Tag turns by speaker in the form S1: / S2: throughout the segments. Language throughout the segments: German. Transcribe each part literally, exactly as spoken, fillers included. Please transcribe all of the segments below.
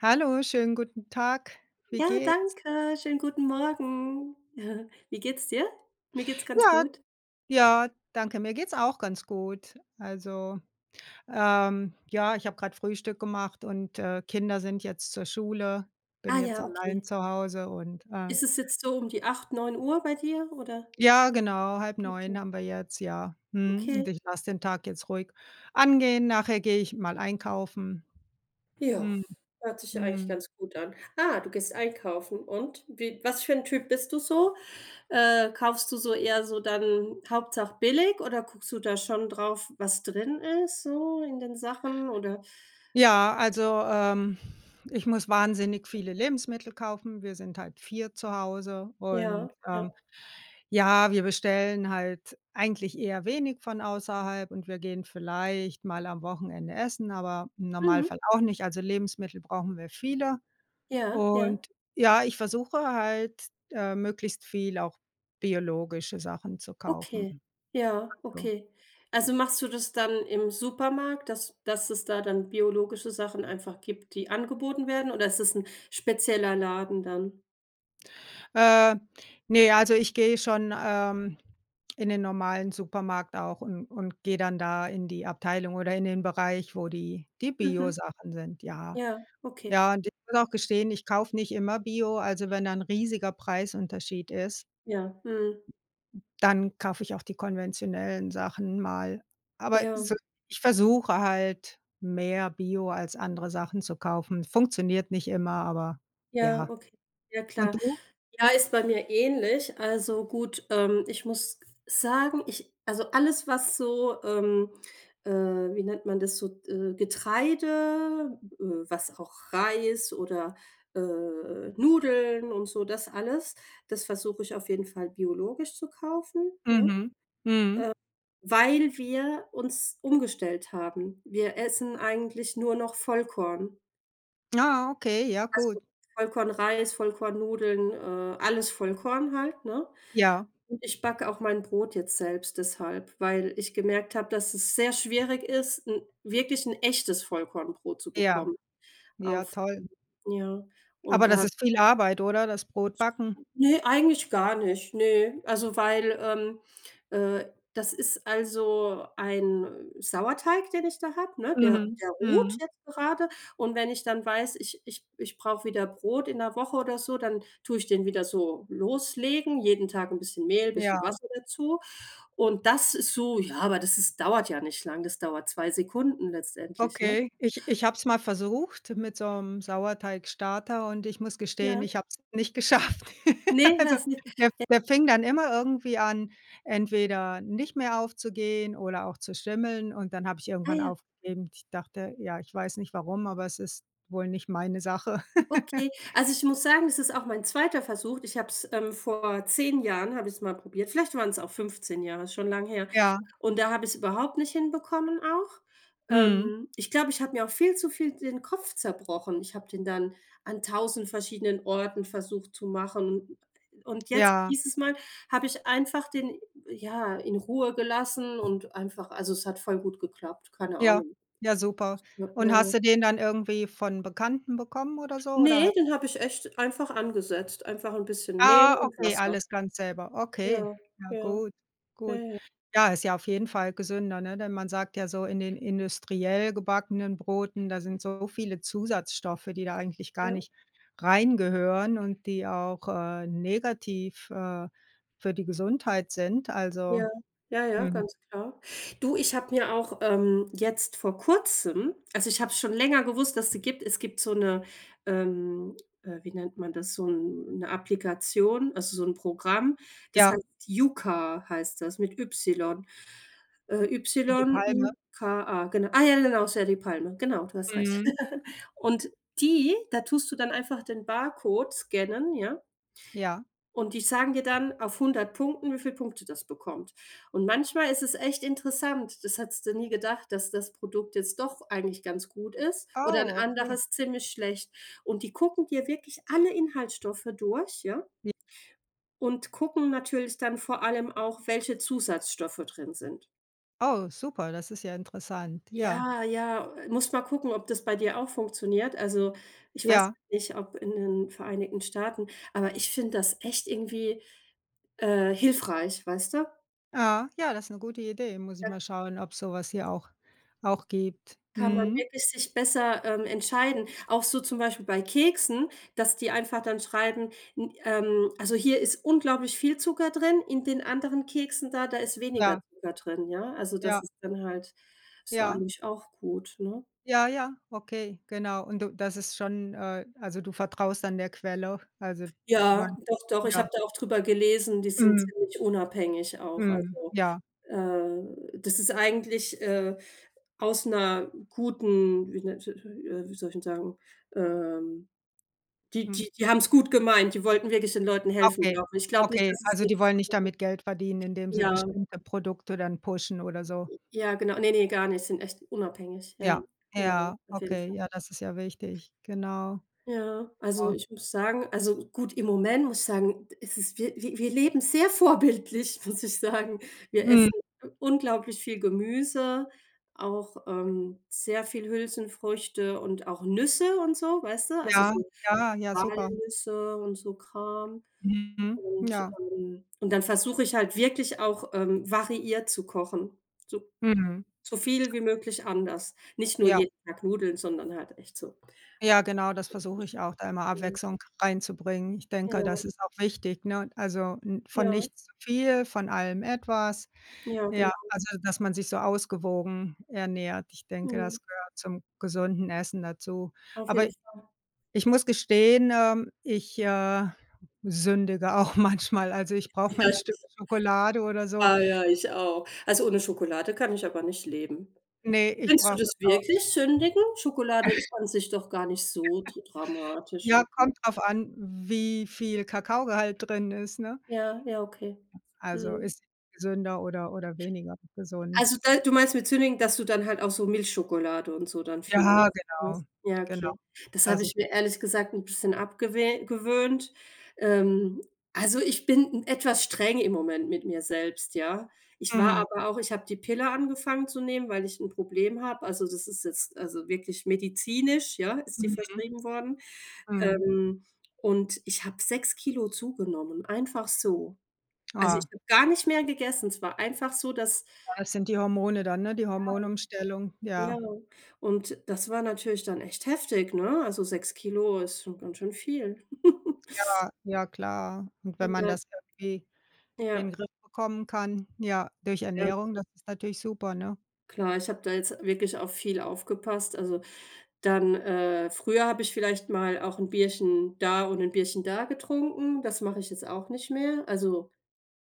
S1: Hallo, schönen guten Tag. Wie
S2: Ja,
S1: geht's?
S2: danke. Schönen guten Morgen. Wie geht's dir? Mir geht's ganz
S1: Ja.
S2: gut.
S1: Ja danke, mir geht's auch ganz gut. Also, ähm, ja, ich habe gerade Frühstück gemacht und, äh, Kinder sind jetzt zur Schule, bin
S2: Ah
S1: jetzt
S2: ja,
S1: allein
S2: okay.
S1: zu Hause und, äh
S2: Ist es jetzt so um die acht neun Uhr bei dir, oder?
S1: Ja, genau, halb
S2: Okay.
S1: neun haben wir jetzt, ja. Mhm,
S2: Okay.
S1: und ich lasse den Tag jetzt ruhig angehen, nachher gehe ich mal einkaufen.
S2: Ja,
S1: Mhm.
S2: hört sich ja eigentlich
S1: Mhm.
S2: ganz gut an. Ah, du gehst einkaufen und wie was für 'n Typ bist du so? Äh, kaufst du so eher so dann hauptsache billig oder guckst du da schon drauf, was drin ist so in den Sachen, oder?
S1: Ja, also, ähm, ich muss wahnsinnig viele Lebensmittel kaufen. Wir sind halt vier zu Hause und,
S2: Ja, ja.
S1: ähm, ja, wir bestellen halt eigentlich eher wenig von außerhalb und wir gehen vielleicht mal am Wochenende essen, aber im
S2: Mhm.
S1: Normalfall auch nicht, also, Lebensmittel brauchen wir viele.
S2: Ja, ja.
S1: Und, ja, ich versuche halt, äh, möglichst viel auch biologische Sachen zu kaufen.
S2: Okay. Ja,
S1: Also
S2: okay. Also, machst du das dann im Supermarkt, dass dass es da dann biologische Sachen einfach gibt, die angeboten werden, oder ist das 'n spezieller Laden dann?
S1: Äh, ne, also ich gehe schon, ähm, in den normalen Supermarkt auch und und gehe dann da in die Abteilung oder in den Bereich, wo die die
S2: Mhm.
S1: Bio-Sachen sind, ja.
S2: Ja, okay.
S1: Ja, und ich muss auch gestehen, ich kaufe nicht immer Bio. Also wenn da 'n riesiger Preisunterschied ist
S2: Ja, mhm.
S1: dann kaufe ich auch die konventionellen Sachen mal. Aber
S2: Ja.
S1: so, ich versuche halt mehr Bio als andere Sachen zu kaufen. Funktioniert nicht immer, aber
S2: Ja,
S1: ja.
S2: okay. Ja,
S1: Und
S2: klar.
S1: du?
S2: Ja, ist bei mir ähnlich. Also gut, ähm, ich muss sagen, ich also alles, was so, ähm, äh, wie nennt man das so, äh, Getreide äh, was auch Reis oder, äh, Nudeln und so das alles, das versuche ich auf jeden Fall biologisch zu kaufen. Ja, äh,
S1: Mhm, mhm.
S2: weil wir uns umgestellt haben. Wir essen eigentlich nur noch Vollkorn.
S1: Ah, okay, ja
S2: Also
S1: gut.
S2: Vollkornreis, Vollkornnudeln, äh, alles Vollkorn halt, ne?
S1: Ja.
S2: Und ich backe auch mein Brot jetzt selbst deshalb, weil ich gemerkt habe, dass es sehr schwierig ist, 'n wirklich 'n echtes Vollkornbrot zu
S1: Ja.
S2: bekommen.
S1: Ja,
S2: Auf
S1: toll.
S2: ja, und
S1: Aber das
S2: da
S1: ist viel Arbeit, oder, das Brotbacken?
S2: Ne, eigentlich gar nicht, ne. Also, weil, ähm äh, das ist also ein Sauerteig, den ich da habe, ne, der
S1: Mhm,
S2: der ruht
S1: mhm.
S2: jetzt grade. Und wenn ich dann weiß, ich ich ich brauche wieder Brot in 'ner Woche oder so, dann tue ich den wieder so loslegen, jeden Tag 'n bisschen Mehl, 'n bisschen
S1: Ja.
S2: Wasser dazu. Und das ist so ja, aber das ist dauert ja nicht lange, das dauert zwei Sekunden letztendlich, ne?
S1: Okay, ich ich hab's mal versucht, mit so 'm Sauerteigstarter, und ich muss gestehen,
S2: Ja.
S1: ich habe es nicht geschafft.
S2: Ne,
S1: Also
S2: hast nicht?
S1: der
S2: J
S1: der fing dann immer irgendwie an, entweder nicht mehr aufzugehen oder auch zu schimmeln, und dann habe ich
S2: Ah
S1: irgendwann
S2: ja.
S1: aufgegeben. Ich dachte, ja, ich weiß nicht warum, aber es ist wohl nicht meine Sache.
S2: Okay. Also ich muss sagen, das ist auch mein zweiter Versuch. Ich habe es ähm, vor zehn Jahren, habe ich es mal probiert. Vielleicht waren es auch fünfzehn Jahre, ist schon lange her.
S1: Ja.
S2: Und da habe ich's überhaupt nicht hinbekommen auch.
S1: Mhm.
S2: Ähm, ich glaube, ich habe mir auch viel zu viel den Kopf zerbrochen. Ich habe den dann an tausend verschiedenen Orten versucht zu machen [unintelligible] und jetzt
S1: Ja.
S2: dieses Mal habe ich einfach den, ja, in Ruhe gelassen und einfach also es hat voll gut geklappt, keine
S1: Ja,
S2: Ahnung.
S1: ja, super.
S2: Ja,
S1: Und
S2: ja,
S1: hast
S2: ja.
S1: du den dann irgendwie von Bekannten bekommen oder so, oder ha
S2: Ne, den habe ich echt einfach angesetzt. Einfach 'n bisschen Mehl
S1: Ah
S2: und
S1: okay,
S2: Wasser.
S1: alles ganz selber,
S2: Ja,
S1: okay. Ja
S2: ja.
S1: gut,
S2: Ja,
S1: gut.
S2: ja.
S1: Ja, ist ja auf jeden Fall gesünder, ne? Denn man sagt ja so, in den industriell gebackenen Broten, da sind so viele Zusatzstoffe, die da eigentlich gar
S2: Ja.
S1: nicht reingehören und die auch, äh, negativ, äh, für die Gesundheit sind. Also,
S2: Ja, ja, ja,
S1: mhm.
S2: ganz klar. Du, ich habe mir auch, ähm, jetzt vor kurzem also ich habe es schon länger gewusst, dass es die gibt. Es gibt so 'ne ähm, äh, wie nennt man das, so 'n 'ne Applikation, also so 'n Programm, das
S1: Ja.
S2: heißt Yuka, heißt das, mit Y. Äh,
S1: Wie die Palme?
S2: Y-U-K-A, genau. Ah, ja, ja genau, ist ja die Palme, genau, du hast recht.
S1: Mhm.
S2: Und die da tust du dann einfach den Barcode scannen, ja?
S1: Ja.
S2: Und die sagen dir dann auf hundert Punkten, wie viele Punkte das bekommt. Und manchmal ist es echt interessant, das hättest du nie gedacht, dass das Produkt jetzt doch eigentlich ganz gut ist, oder 'n
S1: Oh. Okay.
S2: anderes ziemlich schlecht. Und die gucken dir wirklich alle Inhaltsstoffe durch, ja?
S1: J
S2: Und gucken natürlich dann vor allem auch, welche Zusatzstoffe drin sind.
S1: Oh, super, das ist ja interessant, ja.
S2: Ja, ja, musst mal gucken, ob das bei dir auch funktioniert. Also, ich weiß
S1: Ja.
S2: jetzt nicht, ob in den Vereinigten Staaten, aber ich finde das echt irgendwie, äh, hilfreich, weißt du?
S1: Ah. Ja, das ist 'ne gute Idee. Muss ich
S2: Ja.
S1: mal schauen, ob's sowas hier auch auch gibt.
S2: Kann man
S1: Mhm.
S2: wirklich sich besser, ähm, entscheiden. Auch so zum Beispiel bei Keksen, dass die einfach dann schreiben n ähm, also, hier ist unglaublich viel Zucker drin, in den anderen Keksen da, da ist weniger
S1: Klar.
S2: Zucker drin, ja? Also,
S1: Ja.
S2: das ist dann halt ist ja
S1: Ja.
S2: eigentlich auch gut, ne?
S1: Ja, ja, okay, genau. Und du das ist schon, äh also, du vertraust dann der Quelle? Also, du meinst,
S2: Ja, doch, doch, ich
S1: ja
S2: habe da auch drüber gelesen, die sind
S1: Mhm.
S2: ziemlich unabhängig auch,
S1: Mhm.
S2: also,
S1: Ja.
S2: äh, das ist eigentlich, äh, aus 'ner guten wie nennt si si äh, wie soll ich denn sagen, ähm, die
S1: Hm.
S2: die die haben es gut gemeint, die wollten wirklich den Leuten helfen,
S1: Okay,
S2: glaube ich. Ich glaube nicht,
S1: okay.
S2: dass es
S1: Also, die
S2: jetzt
S1: wollen nicht damit Geld verdienen,
S2: [unintelligible]
S1: indem sie
S2: ja.
S1: bestimmte Produkte dann pushen oder so?
S2: Ja, genau. Ne, ne, gar nicht. Sind echt unabhängig. Ja, ja,
S1: Ja,
S2: ja, ja,
S1: ja,
S2: auf jeden
S1: okay,
S2: Fall.
S1: ja, das ist ja wichtig. Genau.
S2: Ja. Also,
S1: Genau.
S2: ich muss sagen also gut, im Moment muss ich sagen: „Es ist wir wir wir leben sehr vorbildlich“, muss ich sagen. Wir essen
S1: Mhm.
S2: u unglaublich viel Gemüse, auch, ähm, sehr viel Hülsenfrüchte und auch Nüsse und so, weißt du, also,
S1: Ja,
S2: so
S1: ja, ja, super.
S2: Walnüsse und so Kram
S1: Mhm.
S2: und,
S1: Ja.
S2: ähm und dann versuche ich halt wirklich auch, ähm, variiert zu kochen, so
S1: Mhm.
S2: so viel wie möglich anders. Nicht nur
S1: Ja.
S2: jeden Tag Nudeln, sondern halt echt so
S1: Ja, genau, das versuche ich auch, da immer
S2: Mhm.
S1: Abwechslung reinzubringen. Ich denke,
S2: Ja.
S1: das ist auch wichtig, ne? Also, n von
S2: Ja.
S1: nichts zu viel, von allem etwas.
S2: Ja,
S1: Ja,
S2: genau.
S1: also, dass man sich so ausgewogen ernährt. Ich denke,
S2: Mhm.
S1: das gehört zum gesunden Essen dazu.
S2: Auf
S1: Aber
S2: jeden Fall.
S1: ich muss gestehen, ähm, ich, äh, sündige auch manchmal. Also, ich brauche
S2: Ja
S1: mein Stück
S2: sicher.
S1: Schokolade oder so.
S2: Ah ja, ich auch. Also, ohne Schokolade kann ich aber nicht leben.
S1: Ne, ich
S2: Nennst du
S1: brauche das
S2: das
S1: auch.
S2: wirklich sündigen? Schokolade ist an sich doch gar nicht so dr dramatisch,
S1: Ja,
S2: oder?
S1: kommt drauf an, wie viel Kakaogehalt drin ist, ne?
S2: Ja, ja, okay.
S1: Also,
S2: Mhm.
S1: ist gesünder oder oder weniger gesund?
S2: Also, da du meinst mit sündigen, dass du dann halt auch so Milchschokolade und so dann viel
S1: Ja,
S2: isst, ne?
S1: genau.
S2: Ja,
S1: Genau.
S2: okay. Das
S1: Das
S2: habe
S1: ich
S2: ich mir ehrlich gesagt 'n bisschen abgewe gewöhnt. Ähm, also, ich bin 'n etwas streng im Moment mit mir selbst, ja? Ich war
S1: Mhm.
S2: aber auch ich habe die Pille angefangen zu nehmen, weil ich 'n Problem habe, also, das ist jetzt also, wirklich medizinisch, ja, ist die
S1: Mhm.
S2: verschrieben worden.
S1: Mhm.
S2: Ähm, und ich habe sechs Kilo zugenommen, einfach so. Also, ich
S1: Ah.
S2: habe gar nicht mehr gegessen, es war einfach so, dass
S1: Ja, das sind die Hormone dann, ne, die Hormonumstellung,
S2: Ja.
S1: ja.
S2: [unintelligible] Und das war natürlich dann echt heftig, ne? Also, sechs Kilo ist schon ganz schön viel.
S1: Ja, ja, klar. Und wenn
S2: Und
S1: man
S2: da
S1: das irgendwie in den
S2: Ja.
S1: Griff bekommen kann, ja, durch
S2: Ja.
S1: Ernährung, das ist natürlich super, ne?
S2: Klar, ich habe da jetzt wirklich auf viel aufgepasst. Also dann äh, früher habe ich vielleicht mal auch 'n Bierchen da und 'n Bierchen da getrunken, das mache ich jetzt auch nicht mehr. Also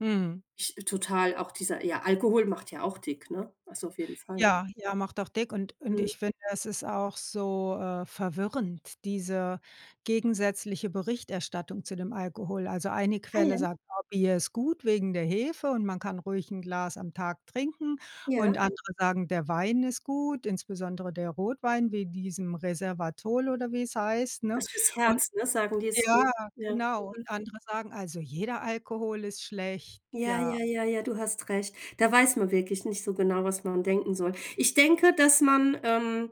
S1: Mhm.
S2: ich total auch dieser, ja, Alkohol macht ja auch dick, ne? Also auf jeden Fall.
S1: Ja, ja, macht auch dick und und
S2: Mhm.
S1: ich finde, es ist auch so, äh, verwirrend, diese gegensätzliche Berichterstattung zu dem Alkohol. Also eine
S2: Ah
S1: Quelle
S2: ja.
S1: sagt: „Oh, Bier ist gut wegen der Hefe und man kann ruhig 'n Glas am Tag trinken“,
S2: Ja.
S1: und andere sagen: „Der Wein ist gut, insbesondere der Rotwein, wie diesem Reservatol“ oder wie‘s heißt, ne?
S2: Dass für‘s
S1: Und
S2: Herz, ne sagen die ist gut,
S1: ja,
S2: ja,
S1: genau, und
S2: mhm.
S1: andere sagen, also jeder Alkohol ist schlecht,
S2: Ja,
S1: ja.
S2: ja, ja, ja, du hast recht. Da weiß man wirklich nicht so genau, was man denken soll. Ich denke, dass man, ähm,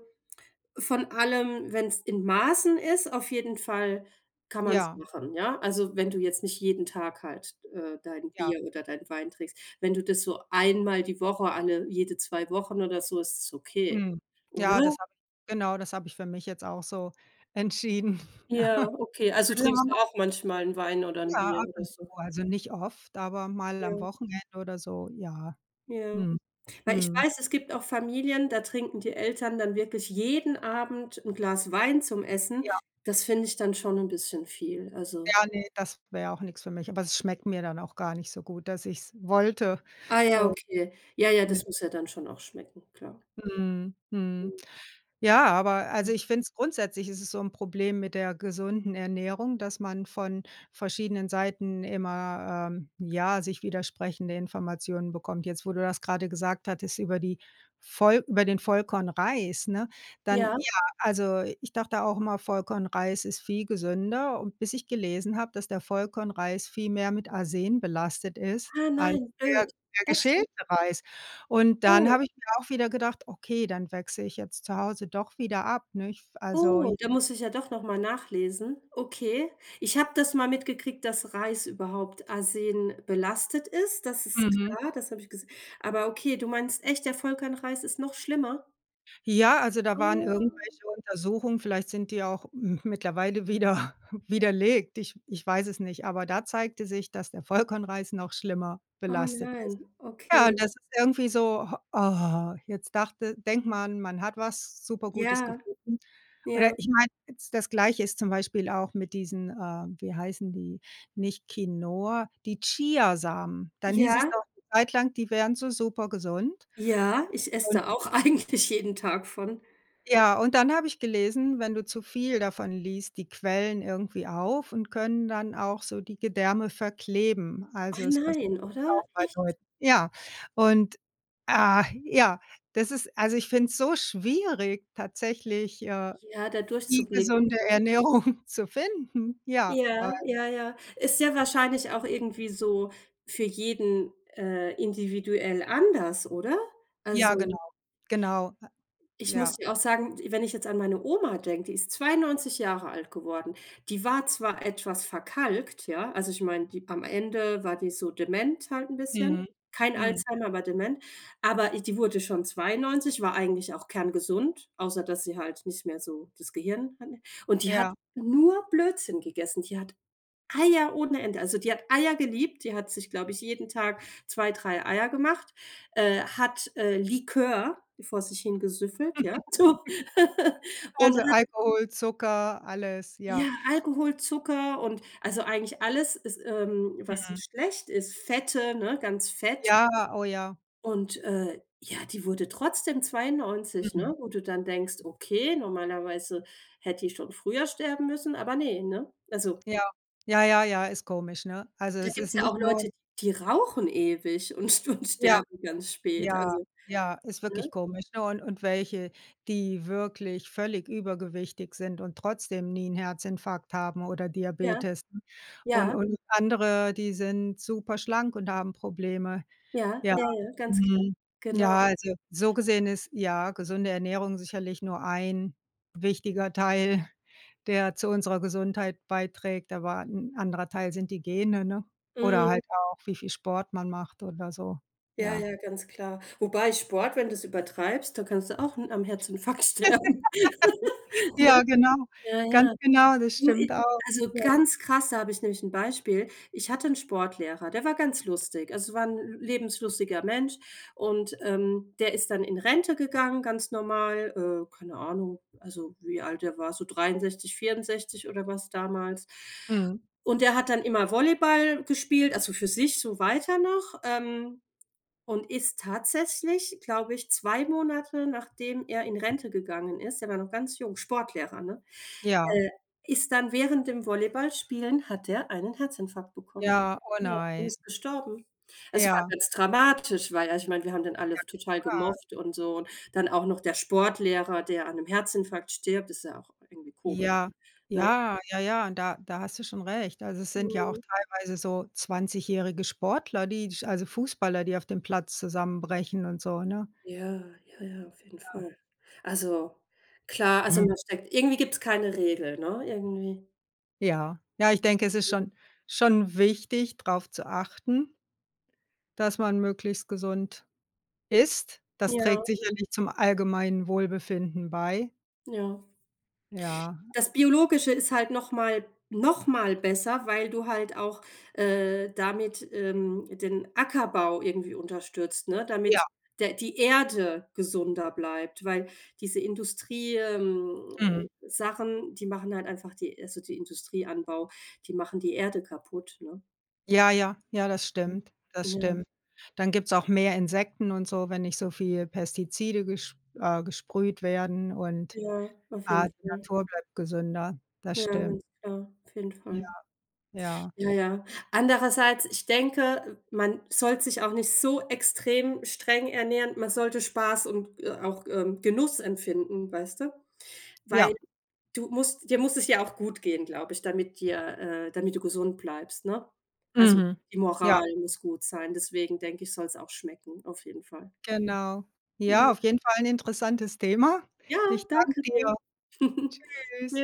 S2: von allem, wenn's in Maßen ist auf jeden Fall kann man's
S1: Ja.
S2: machen, ja? Also, wenn du jetzt nicht jeden Tag halt, äh, dein
S1: Ja.
S2: Bier oder dein Wein trinkst, wenn du das so einmal die Woche alle jede zwei Wochen oder so, ist es okay,
S1: Mhm. Ja,
S2: oder?
S1: das habe ich genau, das habe ich für mich jetzt auch so entschieden.
S2: Ja, okay. Also
S1: Besser man
S2: trinkst du
S1: ma
S2: auch manchmal 'n Wein oder 'n
S1: Ja,
S2: Bier
S1: ab
S2: oder
S1: und zu,
S2: so?
S1: also nicht oft, aber mal am
S2: Ja.
S1: Wochenende oder so, ja.
S2: Ja.
S1: Mhm,
S2: Weil ich
S1: mhm.
S2: weiß, es gibt auch Familien, da trinken die Eltern dann wirklich jeden Abend 'n Glas Wein zum Essen.
S1: Ja.
S2: Das finde ich dann schon 'n bisschen viel, also
S1: Ja, ne, das wäre auch nix für mich. Aber es schmeckt mir dann auch gar nicht so gut, dass ich‘s wollte.
S2: Ah ja, okay. Ja, ja,
S1: [unintelligible]
S2: das muss ja dann schon auch schmecken, klar.
S1: Mhm. Mhm. Ja, aber, also,
S2: Hm.
S1: ich finde es grundsätzlich ist es so 'n Problem mit der gesunden Ernährung, dass man von verschiedenen Seiten immer, ähm, ja, sich widersprechende Informationen bekommt. Jetzt, wo du das grade gesagt hattest, über die Voll über den Vollkornreis, ne? Dann,
S2: Ja?
S1: ja also, ich dachte auch immer Vollkornreis ist viel gesünder und bis ich gelesen habe, dass der Vollkornreis viel mehr mit Arsen belastet ist
S2: Ah
S1: als
S2: nein,
S1: der
S2: blöd.
S1: der
S2: Echt, ja?
S1: geschälte Reis und dann
S2: Oh.
S1: habe ich mir auch wieder gedacht, okay, dann wechsle ich jetzt zu Hause doch wieder ab, nicht? Also, j
S2: Oh, da muss ich ja doch nochmal nachlesen. Okay. Ich habe das mal mitgekriegt, dass Reis überhaupt arsenbelastet ist. Das ist
S1: Mhm.
S2: klar, das habe ich ges aber okay, du meinst echt der Vollkornreis ist noch schlimmer?
S1: Ja, also da waren
S2: Oh.
S1: irgendwelche Untersuchungen, vielleicht sind die auch mittlerweile wieder widerlegt. Ich ich weiß es nicht, aber da zeigte sich, dass der Vollkornreis noch schlimmer
S2: Oh,
S1: belastet ist.
S2: nein,
S1: Ja, und
S2: okay.
S1: das ist irgendwie so, jetzt dachte denkt man, man hat was super Gutes
S2: Ja.
S1: gefunden. Oder
S2: Ja.
S1: ich meine jetzt das Gleiche ist zum Beispiel auch mit diesen äh, wie heißen die nicht Quinoa die Chia-Samen. Dann hieß es doch
S2: Ja?
S1: 'ne Zeit lang, die wären so super gesund.
S2: Ja, ich esse
S1: Und
S2: da auch eigentlich jeden Tag von.
S1: ja, und dann habe ich gelesen, wenn du zu viel davon liest, die Quellen irgendwie auf und können dann auch so die Gedärme verkleben.
S2: Oh
S1: Also, es passiert
S2: nein, oder?
S1: auch bei
S2: Echt?
S1: Leuten. Ja, und, ah, ja, das ist also ich finde es so schwierig, tatsächlich, äh,
S2: Ja, da
S1: die
S2: durchzublicken,
S1: gesunde
S2: dann.
S1: Ernährung zu finden, ja, weil
S2: Ja, ja, ja. Ist ja wahrscheinlich auch irgendwie so für jeden, äh, individuell anders, oder?
S1: Ja, genau.
S2: Also
S1: Genau. Ah.
S2: Ich muss
S1: Ja.
S2: dir auch sagen, w wenn ich jetzt an meine Oma denke, die ist zweiundneunzig Jahre alt geworden. Die war zwar etwas verkalkt, ja, also ich meine, die am Ende war die so dement halt 'n bisschen,
S1: Mhm,
S2: kein
S1: mhm.
S2: Alzheimer, aber dement. Aber i die wurde schon zweiundneunzig, war eigentlich auch kerngesund, außer dass sie halt nicht mehr so das Gehirn hatte. Und die hat
S1: Ja.
S2: nur Blödsinn gegessen. Die hat Eier ohne Ende also die hat Eier geliebt, die hat sich, glaube ich, jeden Tag zwei, drei Eier gemacht. Äh, hat, äh, Likör vor sich hingesüffelt, ja, so. Und
S1: Also
S2: hat
S1: Alkohol, Zucker, alles,
S2: Ja,
S1: ja.
S2: Alkohol, Zucker und also eigentlich alles ist ähm, was
S1: Mhm.
S2: schlecht ist, Fette, ne, ganz fett.
S1: Ja, oh ja.
S2: Und, äh, ja, die wurde trotzdem
S1: Mhm.
S2: zweiundneunzig,
S1: Mhm.
S2: ne? Wo du dann denkst: „Okay, normalerweise hätte die schon früher sterben müssen.“, aber ne, ne? Also
S1: Ja. Ja, ja, ja, ist komisch, ne? Also
S2: Da
S1: es ist
S2: gibt's ja
S1: nicht
S2: auch
S1: nur
S2: Leute, die rauchen ewig und ste und
S1: Ja.
S2: sterben ganz spät,
S1: Ja,
S2: also.
S1: ja, ist wirklich
S2: Ne?
S1: komisch, ne? Und und welche, die wirklich völlig übergewichtig sind und trotzdem nie 'n Herzinfarkt haben oder
S2: Ja.
S1: Diabetes. Und
S2: Ja.
S1: und andere, die sind super schlank und haben Probleme.
S2: Ja,
S1: Ja.
S2: ja, ja, ganz klar.
S1: Mhm. Ja,
S2: Genau.
S1: also so gesehen ist, ja, gesunde Ernährung sicherlich nur ein wichtiger Teil, der zu unserer Gesundheit beiträgt, aber 'n anderer Teil sind die Gene, ne? Oder
S2: Mhm.
S1: halt auch, wie viel Sport man macht oder so,
S2: Ja,
S1: ja.
S2: ja, ganz klar. Wobei Sport, wenn du es übertreibst, dann kannst du auch 'n am Herzinfarkt sterben, ne?
S1: Ja, genau.
S2: Ja, ja.
S1: Ganz genau, das
S2: Du, i
S1: stimmt auch,
S2: also
S1: ja.
S2: ganz krass, da habe ich nämlich 'n Beispiel. Ich hatte 'n Sportlehrer, der war ganz lustig. Also war 'n l lebenslustiger Mensch und, ähm, der ist dann in Rente gegangen, ganz normal, äh, keine Ahnung, also wie alt der war, so dreiundsechzig, vierundsechzig oder was damals.
S1: Mhm.
S2: Und der hat dann immer Volleyball gespielt, also für sich so weiter noch, ähm, und ist tatsächlich, glaube ich, zwei Monate, nachdem er in Rente gegangen ist der war noch ganz jung, Sportlehrer, ne?
S1: Ja.
S2: Äh, ist dann während dem Volleyballspielen hat er einen Herzinfarkt bekommen.
S1: Ja, oh
S2: Ja, und
S1: nein.
S2: ist gestorben. Es war
S1: Ja.
S2: ganz dramatisch, weil, also ich meine, wir haben den alle
S1: Ja
S2: total
S1: klar.
S2: gemocht und so und dann auch noch der Sportlehrer, der an 'nem Herzinfarkt stirbt, ist ja auch irgendwie komisch,
S1: Ja,
S2: ne?
S1: ja, ja, ja, da da hast du schon recht. Also, es sind ja auch
S2: Mhm.
S1: teilweise so zwanzigjährige Sportler, die sch also Fußballer, die auf dem Platz zusammenbrechen und so, ne?
S2: Ja, ja, ja, auf jeden
S1: Ja.
S2: Fall. Also klar, also
S1: Mhm.
S2: man steckt irgendwie gibt's keine Regel, ne, irgendwie.
S1: Ja. Ja, ich denke, es ist schon schon wichtig, drauf zu achten dass man möglichst gesund isst. Das
S2: Ja.
S1: trägt sicherlich zum allgemeinen Wohlbefinden bei.
S2: Ja.
S1: Ja.
S2: Das Biologische ist halt nochmal nochmal besser, weil du halt auch, äh, damit, ähm, den Ackerbau irgendwie unterstützt, ne,
S1: Ja.
S2: damit der die Erde gesünder bleibt, weil diese Industrie ähm,
S1: Mhm.
S2: Sachen, die machen halt einfach die also, die Industrieanbau, die machen die Erde kaputt, ne?
S1: Ja, ja, ja, das
S2: Hm,
S1: stimmt, das
S2: ja.
S1: stimmt. Dann gibt's auch mehr Insekten und so, wenn nicht so viele Pestizide gesp äh, gesprüht werden und,
S2: Ja, auf jeden
S1: äh, die
S2: Fall.
S1: Natur bleibt gesünder. Das
S2: Ja,
S1: stimmt.
S2: ganz klar. Auf jeden
S1: Ja,
S2: Fall.
S1: ja.
S2: Ja, ja. Andererseits, ich denke, man sollte sich auch nicht so extrem streng ernähren, man sollte Spaß und, äh, auch, ähm, Genuss empfinden, weißt du? Weil
S1: Ja.
S2: du musst dir muss es ja auch gut gehen, glaube ich, damit dir, äh damit du gesund bleibst, ne? Also,
S1: Mhm.
S2: die
S1: Ja.
S2: Moral muss gut sein, deswegen denke ich, soll's auch schmecken, auf jeden Fall.
S1: Genau. Ja,
S2: Mhm.
S1: auf jeden Fall 'n interessantes Thema.
S2: Ja,
S1: Ich danke
S2: danke dir.
S1: dir. Tschüss.
S2: Tschüss.